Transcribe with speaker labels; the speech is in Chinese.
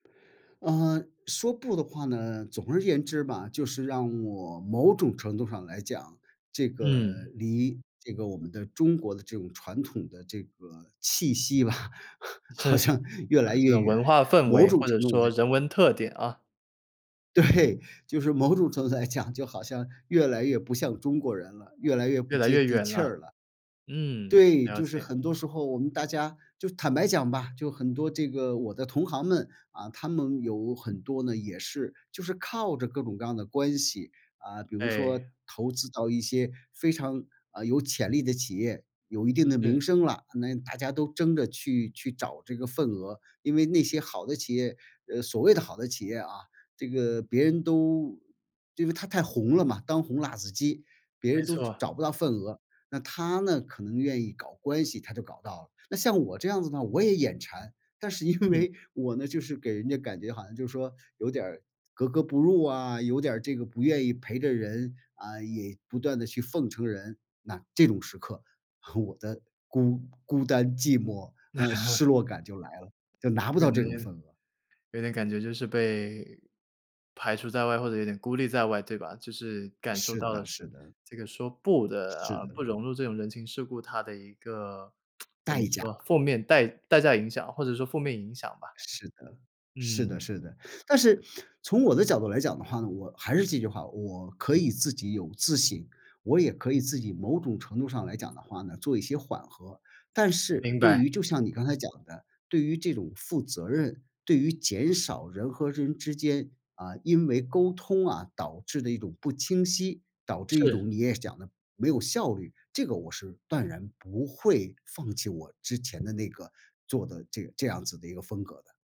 Speaker 1: 嗯，说不的话呢，总而言之吧，就是让我某种程度上来讲，这个
Speaker 2: 嗯。
Speaker 1: 离这个我们的中国的这种传统的这个气息吧，好
Speaker 2: 是。
Speaker 1: 像越来
Speaker 2: 呃，这
Speaker 1: 越
Speaker 2: 种
Speaker 1: 远，
Speaker 2: 文化氛
Speaker 1: 某
Speaker 2: 围，
Speaker 1: 种
Speaker 2: 或者
Speaker 1: 程度
Speaker 2: 说
Speaker 1: 来
Speaker 2: 人文特点啊。
Speaker 1: 对，就是某种程度来讲，就好像越来越不像中国人了，越来越
Speaker 2: 越
Speaker 1: 不
Speaker 2: 来
Speaker 1: 接
Speaker 2: 越
Speaker 1: 地
Speaker 2: 远
Speaker 1: 气
Speaker 2: 了。
Speaker 1: 儿了。
Speaker 2: 嗯，
Speaker 1: 对，
Speaker 2: 了
Speaker 1: 就是
Speaker 2: 解。
Speaker 1: 很多时候我们大家就坦白讲吧，就很多这个我的同行们，嗯，他们有很多呢，也是就是靠着各种各样的关系。嗯，比如说
Speaker 2: 哎。
Speaker 1: 投资到一些非常，呃，有潜力的企业，有一定的
Speaker 2: 是。
Speaker 1: 名声了，那大家都争着去去找这个份额。因为那些好的企业，呃，所谓的好的企业啊，这个别人都因为它太红了嘛，当红辣子鸡，别
Speaker 2: 没
Speaker 1: 人都
Speaker 2: 错。
Speaker 1: 找不到份额，那他呢，可能愿意搞关系，他就搞到了。那像我这样子呢，我也眼馋，但是因
Speaker 2: 嗯。
Speaker 1: 为我呢，就是给人家感觉好像就是说，有点儿格格不入啊，有点儿这个不愿意陪着人，嗯，也不断地去奉承人。那这种时刻，我的孤孤单寂寞，嗯，失 落感就来了，就拿不
Speaker 2: 这个
Speaker 1: 到
Speaker 2: 男
Speaker 1: 这种
Speaker 2: 人。
Speaker 1: 份额。
Speaker 2: 有点感觉就是被排除在外，或者有点孤立在外，对吧？就是感受
Speaker 1: 是
Speaker 2: 到的
Speaker 1: 的
Speaker 2: 是，
Speaker 1: 是的。
Speaker 2: 这个说不的，
Speaker 1: 是
Speaker 2: 嗯，
Speaker 1: 的。
Speaker 2: 不融入这种人情世故它的一个，怎么
Speaker 1: 代价。
Speaker 2: 说，负面代代价影响，或者说负面影响吧。
Speaker 1: 是的，是
Speaker 2: 嗯。
Speaker 1: 的是的。但是，从我的角度来讲的话呢，我还是这句话，我可以自己有自信，我也可以自己某种程度上来讲的话呢，做一些缓和。但是
Speaker 2: 明
Speaker 1: 对
Speaker 2: 白。
Speaker 1: 于就像你刚才讲的，对于这种负责任，对于减少人和人之间，嗯，因为沟通啊，导致的一种不清晰，导致一
Speaker 2: 是。
Speaker 1: 种你也讲的没有效率，这个我是断然不会放弃我之前的那个做的这这样子的一个风格的。